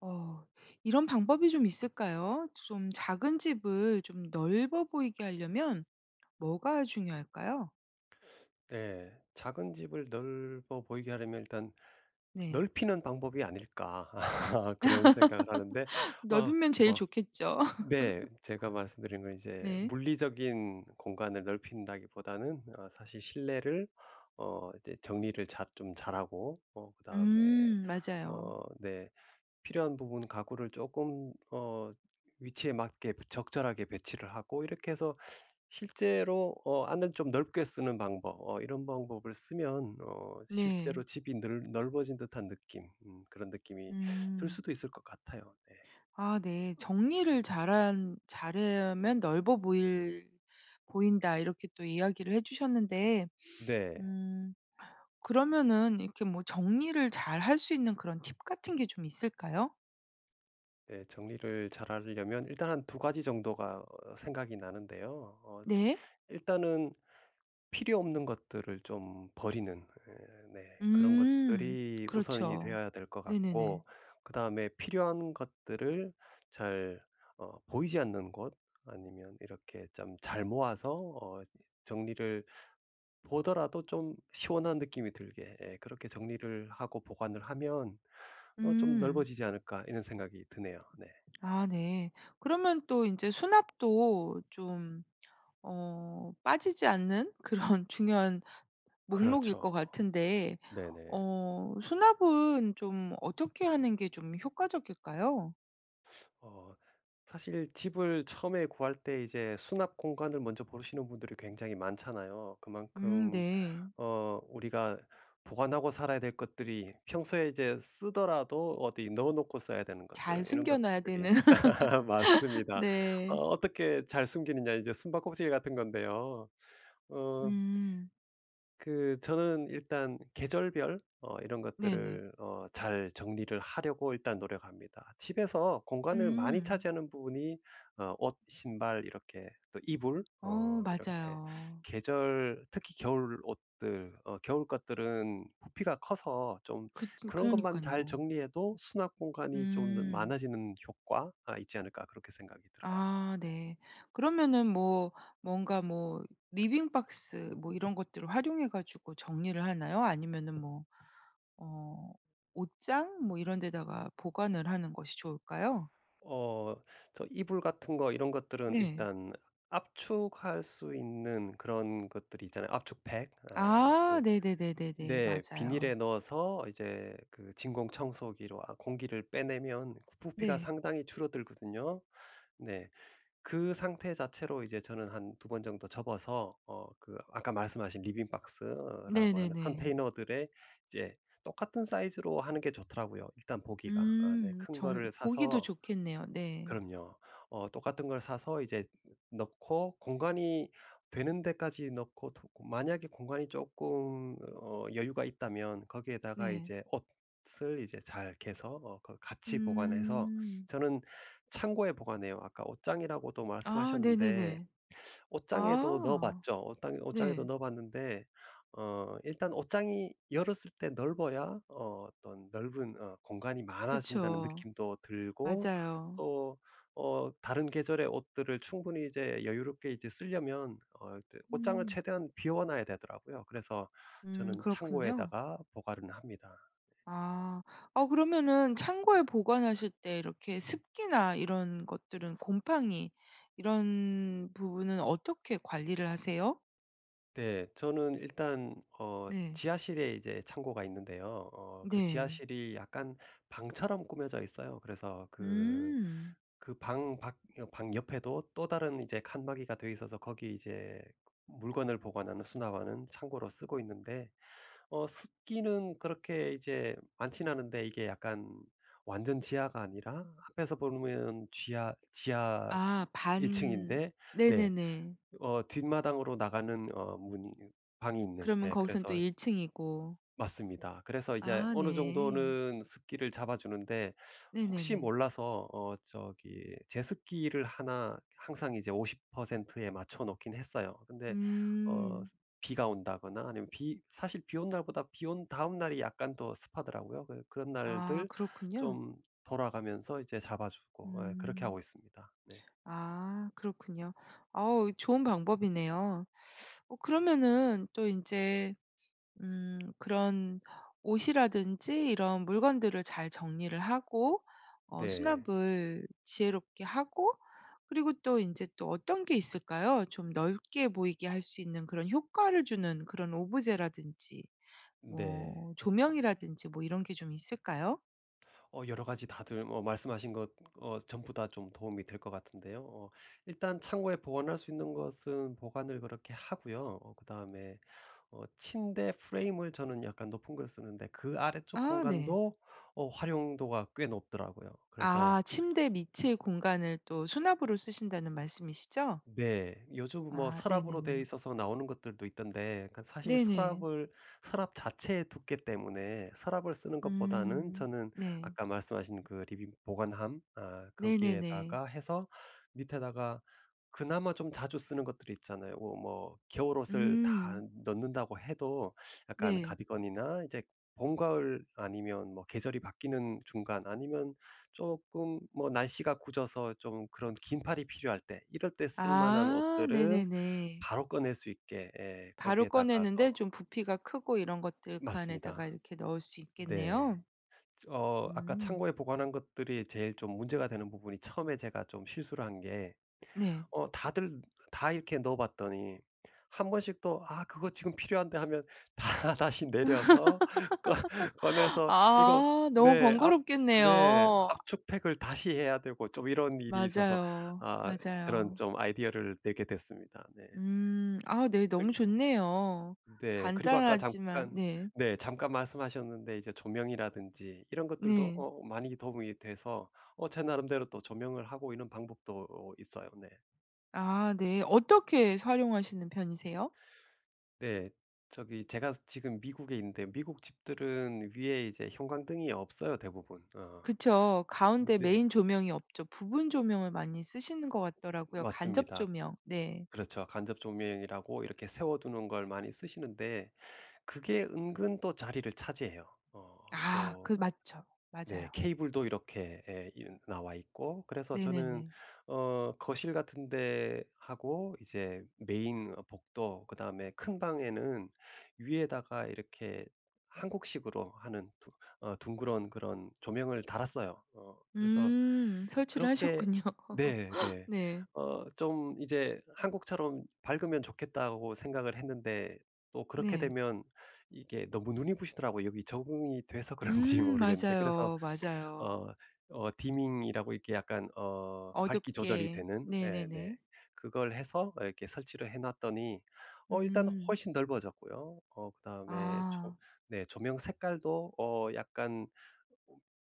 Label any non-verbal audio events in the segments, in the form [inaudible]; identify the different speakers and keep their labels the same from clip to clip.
Speaker 1: 어 이런 방법이 좀 있을까요? 좀 작은 집을 좀 넓어 보이게 하려면 뭐가 중요할까요?
Speaker 2: 네. 작은 집을 넓어 보이게 하려면 일단
Speaker 1: 네.
Speaker 2: '넓히는 방법이 아닐까?' [laughs] 그런 생각을 하는데
Speaker 1: [laughs]
Speaker 2: 어
Speaker 1: 넓으면 제일
Speaker 2: 뭐
Speaker 1: 좋겠죠.
Speaker 2: 네.
Speaker 1: [laughs]
Speaker 2: 제가 말씀드린 건 이제
Speaker 1: 네.
Speaker 2: 물리적인 공간을 넓힌다기보다는 어 사실 실내를 어 이제 정리를 잘 좀 잘하고 어 그다음에
Speaker 1: 음 맞아요.
Speaker 2: 어 네 필요한 부분 가구를 쪼끔 어 위치에 맞게 적절하게 배치를 하고 이렇게 해서 실제로 어 안을 좀 넓게 쓰는 방법 어 이런 방법을 쓰면 어 실제로
Speaker 1: 네.
Speaker 2: 집이 늘 넓어진 듯한 느낌 음 그런 느낌이 들
Speaker 1: 음.
Speaker 2: 수도 있을 것 같아요. 네.
Speaker 1: 아 네. "정리를 잘한 잘하면 넓어 보일 보인다." 이렇게 또 이야기를 해 주셨는데
Speaker 2: 네.
Speaker 1: 음 그러면은 이렇게 뭐 정리를 잘할 수 있는 그런 팁 같은 게 좀 있을까요?
Speaker 2: 예. 정리를 잘 하려면 일단 한 2 가지 정도가 어 생각이 나는데요. 어
Speaker 1: 네.
Speaker 2: 일단은 필요 없는 것들을 좀 버리는 예 네 그런
Speaker 1: 음
Speaker 2: 것들이 우선이
Speaker 1: 그렇죠.
Speaker 2: 되어야 될 것
Speaker 1: 네네네.
Speaker 2: 같고 그 다음에 필요한 것들을 잘 어 보이지 않는 곳 아니면 이렇게 짬 잘 모아서 어 정리를 보더라도 좀 시원한 느낌이 들게 예 그렇게 정리를 하고 보관을 하면 어 '좀
Speaker 1: 응.
Speaker 2: 넓어지지 않을까?' 이런 생각이 드네요. 네.
Speaker 1: 아 네. 그러면 또 인제 수납도 좀 어 빠지지 않는 그런 중요한 목록일 것
Speaker 2: 그렇죠.
Speaker 1: 같은데
Speaker 2: 네네.
Speaker 1: 어 수납은 좀 어떻게 하는 게 좀 효과적일까요?
Speaker 2: 어 사실 집을 처음에 구할 때 이제 수납 공간을 먼저 보시는 분들이 굉장히 많잖아요.
Speaker 1: 음
Speaker 2: 그만큼
Speaker 1: 네.
Speaker 2: 어 우리가 보관하고 살아야 될 것들이 평소에 이제 쓰더라도 어디 넣어 놓고 써야 되는 것들
Speaker 1: 잘
Speaker 2: 이런
Speaker 1: 숨겨놔야
Speaker 2: 것들이
Speaker 1: 되는.
Speaker 2: [laughs]
Speaker 1: [laughs]
Speaker 2: 맞습니다. 어
Speaker 1: 네.
Speaker 2: 어떻게 잘 숨기느냐 이제 숨박꼭질 같은 건데요. 응.
Speaker 1: 음.
Speaker 2: 그 저는 일단 계절별 어 이런
Speaker 1: 네네.
Speaker 2: 것들을 어 잘 정리를 하려고 일단 노력합니다. 집에서 공간을 많이
Speaker 1: 음.
Speaker 2: 차지하는 부분이 어 옷, 신발 이렇게 또 이불,
Speaker 1: 어
Speaker 2: 어 이렇게
Speaker 1: 맞아요.
Speaker 2: 계절 특히 겨울 옷들, 어 겨울 것들은 부피가 커서 좀
Speaker 1: 그 진
Speaker 2: 그런 것만 잘
Speaker 1: 그러니깐요.
Speaker 2: 정리해도 '수납 공간이 좀 더
Speaker 1: 음.
Speaker 2: 많아지는 효과가 있지 않을까?' 그렇게 생각이 들어요.
Speaker 1: 아 네. 그러면은 뭐 뭔가 뭐 리빙 박스 뭐 이런 것들을 활용해 가지고 정리를 하나요? 아니면은 뭐 어 옷장 뭐 이런 데다가 보관을 하는 것이 좋을까요?
Speaker 2: 어 저 이불 같은 거 이런 것들은
Speaker 1: 네.
Speaker 2: 일단 압축할 수 있는 그런 것들이 있잖아요. 압축팩 어
Speaker 1: 아
Speaker 2: 그
Speaker 1: 네네네네. 네.
Speaker 2: 네. 비닐에
Speaker 1: 맞아요.
Speaker 2: 넣어서 이제 그 진공 청소기로 아 공기를 빼내면 그 부피가
Speaker 1: 네.
Speaker 2: 상당히 줄어들거든요. 네. 그 상태 자체로 이제 저는 한 2 번 정도 접어서 어 그 아까 말씀하신 리빙 박스라고 하는
Speaker 1: 네네네.
Speaker 2: 컨테이너들의 이제 똑같은 사이즈로 하는 게 좋더라고요 일단 보기가. 아 네.
Speaker 1: 음.
Speaker 2: 큰
Speaker 1: 정
Speaker 2: 거를
Speaker 1: 보기도
Speaker 2: 사서
Speaker 1: 좋겠네요. 네.
Speaker 2: 그럼요. 어 똑같은 걸 사서 이제 넣고 공간이 되는 데까지 넣고 또 그 만약에 공간이 쪼끔 어 여유가 있다면 거기에다가
Speaker 1: 네.
Speaker 2: 이제 옷을 이제 잘 개서 어 그 같이 보관해서
Speaker 1: 음.
Speaker 2: 저는 창고에 보관해요. 아까 옷장이라고도
Speaker 1: 아
Speaker 2: 말씀하셨는데,
Speaker 1: 네네네.
Speaker 2: 옷장에도 넣어
Speaker 1: 아
Speaker 2: 봤죠. 옷땅 옷장에도
Speaker 1: 네.
Speaker 2: 넣어 봤는데 어 일단 옷장이 열었을 때 넓어야 어 어떤 넓은 어 공간이 많아진다는
Speaker 1: 그쵸.
Speaker 2: 느낌도 들고
Speaker 1: 맞아요.
Speaker 2: 또 어 다른 계절의 옷들을 충분히 이제 여유롭게 이제 쓰려면 어 이제 옷장을
Speaker 1: 음.
Speaker 2: 최대한 비워 놔야 되더라고요. 그래서
Speaker 1: 음
Speaker 2: 저는
Speaker 1: 그렇군요.
Speaker 2: 창고에다가 보관을 합니다.
Speaker 1: 아 어 그러면은 창고에 보관하실 때 이렇게 습기나 이런 것들은 곰팡이 이런 부분은 어떻게 관리를 하세요?
Speaker 2: 네. 저는 일단 어
Speaker 1: 네.
Speaker 2: 지하실에 이제 창고가 있는데요. 어 그
Speaker 1: 네.
Speaker 2: 지하실이 약간 방처럼 꾸며져 있어요. 그래서 그,
Speaker 1: 음.
Speaker 2: 그 방 밖 여 방 옆에도 또 다른 이제 칸막이가 돼 있어서 거기 이제 물건을 보관하는, 수납하는 창고로 쓰고 있는데 어 습기는 그렇게 이제 많지는 않은데 이게 약간 완전 지하가 아니라 앞에서 보면 쥐하 지하
Speaker 1: 아
Speaker 2: 1
Speaker 1: 반
Speaker 2: 층인데 네
Speaker 1: 네네네.
Speaker 2: 어 뒷마당으로 나가는 어 문이 있 방이 있는
Speaker 1: 그러면
Speaker 2: 예
Speaker 1: 거기선 또
Speaker 2: 그래서
Speaker 1: 1 층이고.
Speaker 2: 맞습니다. 그래서 이제
Speaker 1: 아
Speaker 2: 어느
Speaker 1: 네.
Speaker 2: 정도는 습기를 잡아 주는데 혹시
Speaker 1: 네네네.
Speaker 2: 몰라서 어 저기 제습기를 1 항상 이제 50%에 맞춰 놓긴 했어요. 근데 어
Speaker 1: 음.
Speaker 2: 비가 온다거나 아니면 비 사실 비 온 날보다 비 온 다음 날이 약간 더 습하더라고요. 그 그런
Speaker 1: 아
Speaker 2: 날들
Speaker 1: 그렇군요.
Speaker 2: 좀 돌아가면서 이제 잡아 주고 예 그렇게
Speaker 1: 음.
Speaker 2: 하고 있습니다. 네.
Speaker 1: 아 그렇군요. 어우 좋은 방법이네요. 어 그러면은 또 인제 음 그런 옷이라든지 이런 물건들을 잘 정리를 하고 어
Speaker 2: 네.
Speaker 1: 수납을 지혜롭게 하고 그리고 또 인제 또 어떤 게 있을까요? 좀 넓게 보이게 할 수 있는 그런 효과를 주는 그런 오브제라든지
Speaker 2: 네.
Speaker 1: 뭐 조명이라든지 뭐 이런 게 좀 있을까요?
Speaker 2: 어 여러 가지 다들 뭐 말씀하신 것 어 전부 다 좀 도움이 될 것 같은데요. 어 일단 창고에 보관할 수 있는 것은 보관을 그렇게 하고요. 어 그다음에 어 침대 프레임을 저는 약간 높은 걸 쓰는데 그 아래쪽
Speaker 1: 아 네.
Speaker 2: 공간도 어 활용도가 꽤 높더라고요. 그래서
Speaker 1: 아 침대 밑의 공간을 또 수납으로 쓰신다는 말씀이시죠?
Speaker 2: 네. 요즘 뭐
Speaker 1: 아
Speaker 2: 서랍으로 돼
Speaker 1: 네네네.
Speaker 2: 있어서 나오는 것들도 있던데 그 사실
Speaker 1: 네네.
Speaker 2: 서랍을 서랍 자체의 두께 때문에 서랍을 쓰는 것보다는
Speaker 1: 음.
Speaker 2: 저는
Speaker 1: 네.
Speaker 2: 아까 말씀하신 그 리빙 보관함 아
Speaker 1: 네네네.
Speaker 2: 거기에다가 해서 밑에다가 그나마 좀 자주 쓰는 것들이 있잖아요. 어 뭐 겨울옷을 다
Speaker 1: 음.
Speaker 2: 넣는다고 해도 약간
Speaker 1: 네.
Speaker 2: 카디건이나 이제 봄가을 아니면 뭐 계절이 바뀌는 중간 아니면 쪼끔 뭐 날씨가 궂어서 좀 그런 긴팔이 필요할 때 이럴 때 쓸 만한
Speaker 1: 아
Speaker 2: 옷들은
Speaker 1: 네네네.
Speaker 2: 바로 꺼낼 수 있게 예
Speaker 1: 바로
Speaker 2: 거기에다가 또
Speaker 1: 꺼내는데 좀 부피가 크고 이런 것들 그 안에다가
Speaker 2: 맞습니다.
Speaker 1: 이렇게 넣을 수
Speaker 2: 네.
Speaker 1: 있겠네요.
Speaker 2: 어 아까
Speaker 1: 음.
Speaker 2: 창고에 보관한 것들이 제일 좀 문제가 되는 부분이 처음에 제가 좀 실수를 한 게
Speaker 1: 네.
Speaker 2: 어 다들 다 이렇게 넣어 봤더니 한 번씩 또 '아 그거 지금 필요한데.' 하면 다 다시 내려서 꺼
Speaker 1: [laughs]
Speaker 2: 꺼내서 이거
Speaker 1: 아 너무
Speaker 2: 네 압 네
Speaker 1: 번거롭겠네요. 아
Speaker 2: 압축팩을 다시 해야 되고 좀 이런 일이 있어서
Speaker 1: 맞아요,
Speaker 2: 아 그런
Speaker 1: 맞아요.
Speaker 2: 좀 아이디어를 내게 됐습니다. 네.
Speaker 1: 음 아 네, 너무
Speaker 2: 그리고
Speaker 1: 좋네요.
Speaker 2: 네. 그리고 아까
Speaker 1: 간단하지만
Speaker 2: 잠깐
Speaker 1: 네.
Speaker 2: 네 잠깐 말씀하셨는데 이제 조명이라든지 이런 것들도
Speaker 1: 네.
Speaker 2: 어 많이 도움이 돼서 어 제 나름대로 또 조명을 하고 이런 방법도 어 있어요. 네.
Speaker 1: 아 네. 어떻게 해서 활용하시는 편이세요?
Speaker 2: 네. 저기 제가 지금 미국에 있는데 미국 집들은 위에 이제 형광등이 없어요. 대부분. 어
Speaker 1: 그쵸. 가운데
Speaker 2: 네.
Speaker 1: 메인 조명이 없죠. 부분 조명을 많이 쓰시는 것 같더라고요. 간접
Speaker 2: 맞습니다.
Speaker 1: 조명. 네.
Speaker 2: 그렇죠 간접 조명이라고 이렇게 세워 두는 걸 많이 쓰시는데 그게 은근 또 자리를 차지해요. 어
Speaker 1: 아 그
Speaker 2: 또
Speaker 1: 맞죠.
Speaker 2: 네
Speaker 1: 맞아요.
Speaker 2: 케이블도 이렇게 에 이 나와 있고 그래서 저는
Speaker 1: 네네네.
Speaker 2: 어 거실 같은 데 하고 이제 메인 복도 그다음에 큰 방에는 위에다가 이렇게 한국식으로 하는 두 어 둥그런 그런 조명을 달았어요. 어 그래서
Speaker 1: 음 설치를
Speaker 2: 그렇게
Speaker 1: 하셨군요.
Speaker 2: 네
Speaker 1: [laughs]
Speaker 2: 네.
Speaker 1: 네.
Speaker 2: 어 좀 이제 '한국처럼 밝으면 좋겠다.'고 생각을 했는데 또 그렇게
Speaker 1: 네.
Speaker 2: 되면 이게 너무 눈이 부시더라고요. 여기 적응이 돼서 그런지
Speaker 1: 음
Speaker 2: 모르겠는데 그래서
Speaker 1: 맞아요, 맞아요.
Speaker 2: 어 어 디밍이라고 이렇게 약간 어 밝기 조절이
Speaker 1: 어둡게.
Speaker 2: 되는 예 네
Speaker 1: 네네네.
Speaker 2: 그걸 해서 이렇게 설치를 해 놨더니 어 일단은
Speaker 1: 음.
Speaker 2: 훨씬 넓어졌고요. 어 그다음에 조
Speaker 1: 아.
Speaker 2: 네 조명 색깔도 어 약간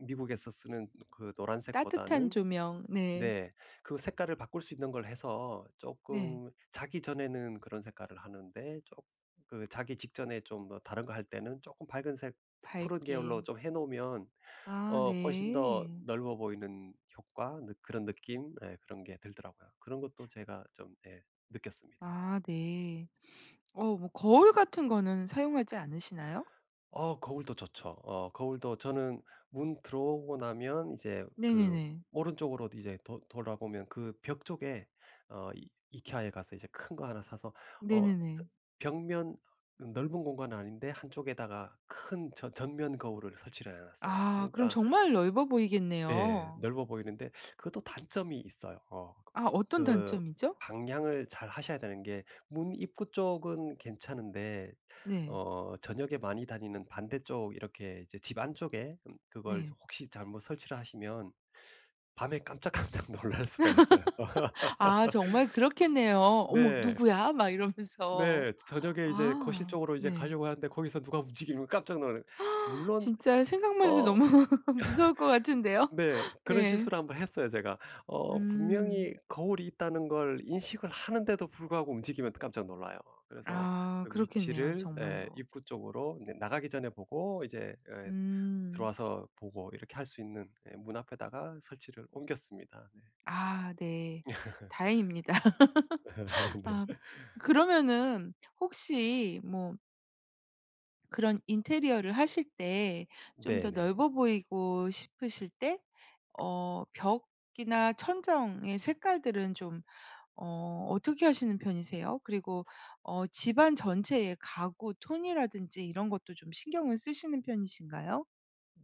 Speaker 2: 미국에서 쓰는 그
Speaker 1: 따뜻한
Speaker 2: 노란색보다는
Speaker 1: 조명. 네.
Speaker 2: 네. 그 색깔을 바꿀 수 있는 걸 해서
Speaker 1: 네.
Speaker 2: 쪼끔 자기 전에는 그런 색깔을 하는데 쪼 그 자기 직전에 좀 다른 거 할 때는 쪼끔 밝은색 푸른
Speaker 1: 밝게.
Speaker 2: 계열로 좀 해 놓으면
Speaker 1: 아
Speaker 2: 어 훨씬 더
Speaker 1: 네.
Speaker 2: 넓어 보이는 효과 느 그런 느낌? 예 그런 게 들더라고요. 그런 것도 제가 좀 예 느꼈습니다.
Speaker 1: 아 네. 어 뭐 거울 같은 거는 사용하지 않으시나요?
Speaker 2: 어 거울도 좋죠. 어 거울도 저는 문 들어오고 나면 이제 그
Speaker 1: 네네네.
Speaker 2: 오른쪽으로 이제 돌 돌아보면 그 벽 쪽에 어 이 IKEA에 가서 이제 큰 거 하나 사서 어 저
Speaker 1: 네네네.
Speaker 2: 벽면 넓은 공간은 아닌데 한쪽에다가 큰 전 전면 거울을 설치를 해 놨어요.
Speaker 1: 아, 그럼
Speaker 2: 그러니까
Speaker 1: 정말 넓어
Speaker 2: 네.
Speaker 1: 보이겠네요.
Speaker 2: 넓어 보이는데 그것도 단점이 있어요. 어
Speaker 1: 아 어떤
Speaker 2: 그
Speaker 1: 단점이죠?
Speaker 2: 방향을 잘하셔야 되는 게 문 입구 쪽은 괜찮은데
Speaker 1: 네.
Speaker 2: 어 저녁에 많이 다니는 반대쪽 이렇게 이제 집 안쪽에 음 그걸
Speaker 1: 네.
Speaker 2: 혹시 잘못 설치를 하시면 밤에 깜짝깜짝 놀랄 수가 있어요.
Speaker 1: [laughs] 아 정말 그렇겠네요.
Speaker 2: [laughs]
Speaker 1: 어머
Speaker 2: 네.
Speaker 1: 누구야? 막 이러면서
Speaker 2: 네 저 저녁에 이제 거실
Speaker 1: 아
Speaker 2: 쪽으로 이제
Speaker 1: 네.
Speaker 2: 가려고 하는데 거기서 누가 움직이면 깜짝 놀라요.
Speaker 1: [gasps]
Speaker 2: 물론
Speaker 1: 진짜 생각만 해도
Speaker 2: 어
Speaker 1: 너무 [laughs] 무서울 것 같은데요.
Speaker 2: [laughs] 네 그런
Speaker 1: 네.
Speaker 2: 실수를 한번 했어요. 제가 어
Speaker 1: 음.
Speaker 2: 분명히 거울이 있다는 걸 인식을 하는데도 불구하고 움직이면 깜짝 놀라요. 그래서
Speaker 1: 아
Speaker 2: 그
Speaker 1: 그렇겠네요.
Speaker 2: 위치를 예
Speaker 1: 정말로.
Speaker 2: 입구 쪽으로 네 나가기 전에 보고 이제 예.
Speaker 1: 음.
Speaker 2: 들어와서 보고 이렇게 할 수 있는 예. 문 앞에다가 설치를 옮겼습니다. 네.
Speaker 1: 아 네, 다행입니다.
Speaker 2: [laughs]
Speaker 1: [laughs]
Speaker 2: 네.
Speaker 1: 아
Speaker 2: [laughs]
Speaker 1: 그러면은 혹시 뭐 그런 인테리어를 하실 때 좀 더
Speaker 2: 네네.
Speaker 1: 넓어 보이고 싶으실 때 어 벽이나 천정의 색깔들은 좀 어 어떻게 하시는 편이세요? 그리고 어 집안 전체의 가구 톤이라든지 이런 것도 좀 신경을 쓰시는 편이신가요?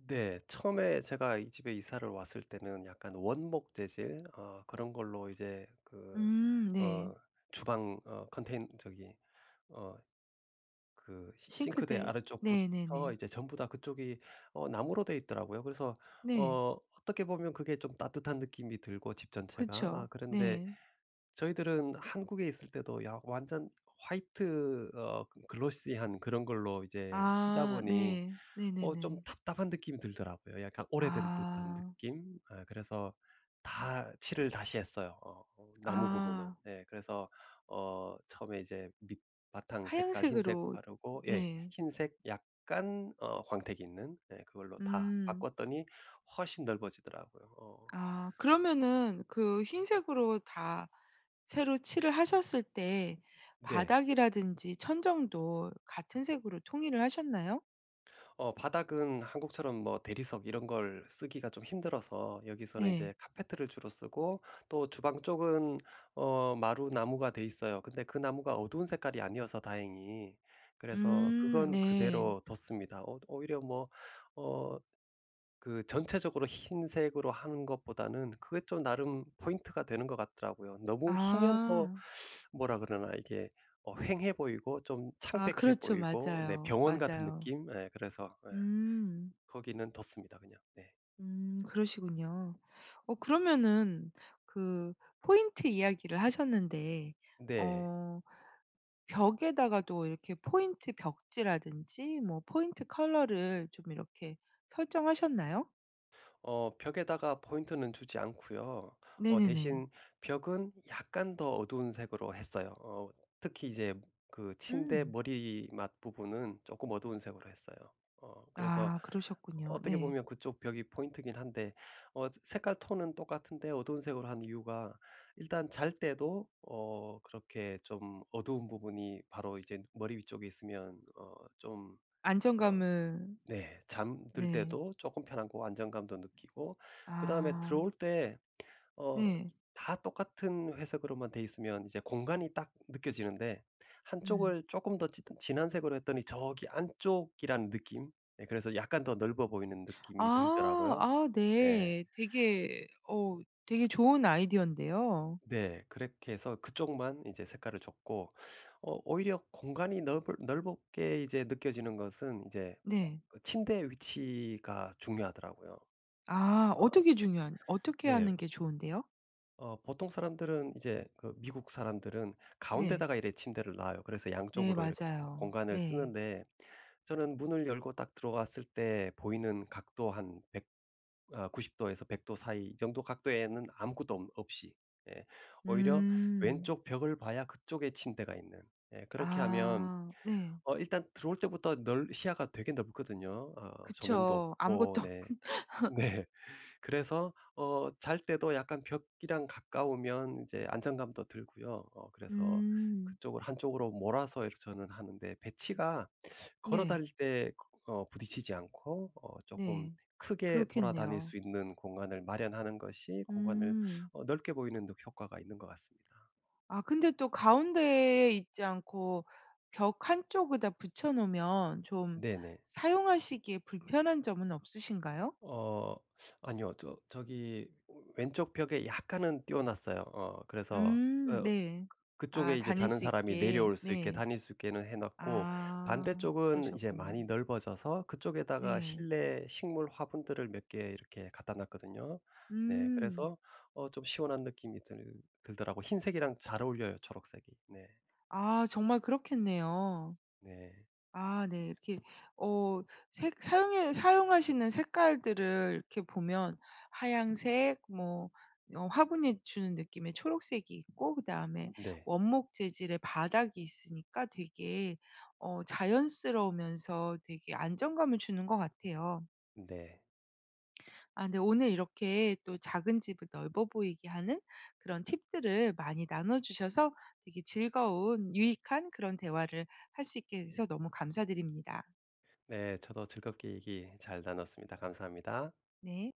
Speaker 2: 네 처음에 제가 이 집에 이사를 왔을 때는 약간 원목 재질 어 그런 걸로 이제 그
Speaker 1: 음 네.
Speaker 2: 어 주방 어 컨텐 저기 어 그 시 싱크대
Speaker 1: 싱크대
Speaker 2: 아래쪽부터
Speaker 1: 네네네.
Speaker 2: 이제 전부 다 그쪽이 어 나무로 되어 있더라고요. 그래서
Speaker 1: 네.
Speaker 2: 어 어떻게 보면 그게 좀 따뜻한 느낌이 들고 집 전체가 아
Speaker 1: 그쵸.
Speaker 2: 그런데
Speaker 1: 네.
Speaker 2: 저희들은 한국에 있을 때도 야 완전 화이트 어 글로시한 그런 걸로 이제 쓰다
Speaker 1: 아
Speaker 2: 보니
Speaker 1: 네.
Speaker 2: 어 좀
Speaker 1: 네네네.
Speaker 2: 답답한 느낌이 들더라고요. 약간 오래된 듯한
Speaker 1: 아.
Speaker 2: 느낌 어 그래서 다 칠을 다시 했어요 어 나무 부분은.
Speaker 1: 아.
Speaker 2: 예 그래서 어 처음에 이제 밑바탕 색깔 흰색
Speaker 1: 하얀색으로
Speaker 2: 바르고 예
Speaker 1: 네.
Speaker 2: 흰색 약간 어 광택이 있는 네 그걸로 다
Speaker 1: 음.
Speaker 2: 바꿨더니 훨씬 넓어지더라고요. 어.
Speaker 1: 아 그러면은 그 흰색으로 다 새로 칠을 하셨을 때
Speaker 2: 네.
Speaker 1: 바닥이라든지 천장도 같은 색으로 통일을 하셨나요?
Speaker 2: 어 바닥은 한국처럼 뭐 대리석 이런 걸 쓰기가 좀 힘들어서 여기서는
Speaker 1: 네.
Speaker 2: 이제 카펫을 주로 쓰고 또 주방 쪽은 어 마루 나무가 돼 있어요. 근데 그 나무가 어두운 색깔이 아니어서 다행히 그래서
Speaker 1: 음
Speaker 2: 그건
Speaker 1: 네.
Speaker 2: 그대로 뒀습니다. 어 어 오히려 뭐 어 그 전체적으로 흰색으로 하는 것보다는 그게 또 나름 포인트가 되는 것 같더라고요. 너무 희면 또
Speaker 1: 아.
Speaker 2: [sucks teeth] 뭐라 그러나? 이게 어 휑해 보이고 좀
Speaker 1: 아
Speaker 2: 창백해
Speaker 1: 그렇죠.
Speaker 2: 보이고 네
Speaker 1: 맞아요.
Speaker 2: 병원 같은
Speaker 1: 맞아요.
Speaker 2: 느낌? 예 그래서 예
Speaker 1: 음.
Speaker 2: 거기는 뒀습니다 그냥. 네.
Speaker 1: 음 그러시군요. 어 그러면은 그 포인트 이야기를 하셨는데
Speaker 2: 네.
Speaker 1: 어 벽에다가도 이렇게 포인트 벽지라든지 뭐 포인트 컬러를 좀 이렇게 설정하셨나요?
Speaker 2: 어 벽에다가 포인트는 주지 않고요. 어
Speaker 1: 네네네.
Speaker 2: 대신 벽은 약간 더 어두운색으로 했어요. 어 특히 이제 그 침대
Speaker 1: 음.
Speaker 2: 머리맡 부분은 쪼끔 어두운색으로 했어요. 어 그래서
Speaker 1: 아 그러셨군요.
Speaker 2: 어떻게
Speaker 1: 네.
Speaker 2: 보면 그쪽 벽이 포인트이긴 한데 어 저 색깔 톤은 똑같은데 어두운색으로 한 이유가 일단 잘 때도 어 그렇게 좀 어두운 부분이 바로 이제 머리 위쪽에 있으면 어 좀 어
Speaker 1: 안정감을
Speaker 2: 네 잠들
Speaker 1: 네.
Speaker 2: 때도 쪼끔 편하고 안정감도 느끼고 그다음에
Speaker 1: 아.
Speaker 2: 들어올 때 어
Speaker 1: 네.
Speaker 2: 다 똑같은 회색으로만 돼 있으면 이제 공간이 딱 느껴지는데 1
Speaker 1: 음.
Speaker 2: 쪽을 쪼끔 더 짙은 진한 색으로 했더니 저기 안쪽이라는 느낌? 네 그래서 약간 더 넓어 보이는 느낌이
Speaker 1: 아.
Speaker 2: 들더라고요.
Speaker 1: 아
Speaker 2: 예.
Speaker 1: 네. 되게 어우 되게 좋은 아이디어인데요.
Speaker 2: 네. 그렇게 해서 그쪽만 인제 색깔을 줬고 어 오히려 공간이 넓을 넓으 게 이제 느껴지는 것은 이제
Speaker 1: 네.
Speaker 2: 코 침대의 위치가 중요하더라고요.
Speaker 1: 아
Speaker 2: 어
Speaker 1: 어떻게 중요한 어떻게
Speaker 2: 네.
Speaker 1: 하는 게 좋은데요?
Speaker 2: 어 보통 사람들은 이제 그 미국 사람들은
Speaker 1: 네.
Speaker 2: 가운데다가 이렇게 침대를 놔요. 그래서
Speaker 1: 네
Speaker 2: 양쪽으로 이렇게
Speaker 1: 맞아요.
Speaker 2: 공간을
Speaker 1: 네.
Speaker 2: 쓰는데 저는 문을 열고 딱 들어왔을 때 보이는 각도 한 100 아 90 도에서 100 도 사이 이 정도 각도에는 아무것도 엄 없이 예. 오히려
Speaker 1: 음.
Speaker 2: 왼쪽 벽을 봐야 그쪽에 침대가 있는 예. 그렇게 하면
Speaker 1: 아 네.
Speaker 2: 어 일단 들어올 때부터 넓 시야가 되게 넓거든요. 어 조명도
Speaker 1: 그쵸.
Speaker 2: 없고
Speaker 1: 아무것도 없
Speaker 2: 네.
Speaker 1: [laughs]
Speaker 2: 네. 그래서 어 잘 때도 약간 벽이랑 가까우면 이제 안정감도 들고요. 어 그래서
Speaker 1: 음.
Speaker 2: 그쪽을 한쪽으로 몰아서 이렇게 저는 하는데 배치가 걸어
Speaker 1: 네.
Speaker 2: 다닐 때 어 부딪히지 않고 어 쪼끔
Speaker 1: 네.
Speaker 2: 크게 돌아다닐
Speaker 1: 그렇겠네요.
Speaker 2: 수 있는 공간을 마련하는 것이 공간을
Speaker 1: 음.
Speaker 2: 어 넓게 보이는 효 효과가 있는 것 같습니다.
Speaker 1: 아 근데 또 가운데에 있지 않고 벽 한쪽에다 붙여 놓으면 좀
Speaker 2: 네네.
Speaker 1: 사용하시기에 불편한 점은 없으신가요?
Speaker 2: 어 아니요. 저 저기 왼쪽 벽에 약간은 띄어 놨어요. 어 그래서
Speaker 1: 음
Speaker 2: 어
Speaker 1: 네. 아
Speaker 2: 그쪽에 이제
Speaker 1: 다닐
Speaker 2: 자는
Speaker 1: 수
Speaker 2: 사람이
Speaker 1: 있게
Speaker 2: 내려올 수 있게
Speaker 1: 네.
Speaker 2: 다닐 수 있게는 해 놨고
Speaker 1: 아
Speaker 2: 반대쪽은 이제
Speaker 1: 그러셨군요.
Speaker 2: 많이 넓어져서 그쪽에다가
Speaker 1: 네.
Speaker 2: 실내 식물 화분들을 몇 개 이렇게 갖다 놨거든요. 네
Speaker 1: 음.
Speaker 2: 그래서 어 좀 시원한 느낌이 들 들더라고 흰색이랑 잘 어울려요 초록색이. 네.
Speaker 1: 아 정말 그렇겠네요.
Speaker 2: 네.
Speaker 1: 아 네 이렇게 어 색 사용에 사용하시는 색깔들을 이렇게 보면 하얀 색 뭐 어 화분이 주는 느낌의 초록색이 있고 그다음에
Speaker 2: 네.
Speaker 1: 원목 재질의 바닥이 있으니까 되게 어 자연스러우면서 되게 안정감을 주는 것 같아요.
Speaker 2: 네.
Speaker 1: 아 네 오늘 이렇게 또 작은 집을 넓어 보이게 하는 그런 팁들을 많이 나눠 주셔서 되게 즐거운 유익한 그런 대화를 할 수 있게 돼서 너무 감사드립니다.
Speaker 2: 네 저도 즐겁게 얘기 잘 나눴습니다. 감사합니다.
Speaker 1: 네.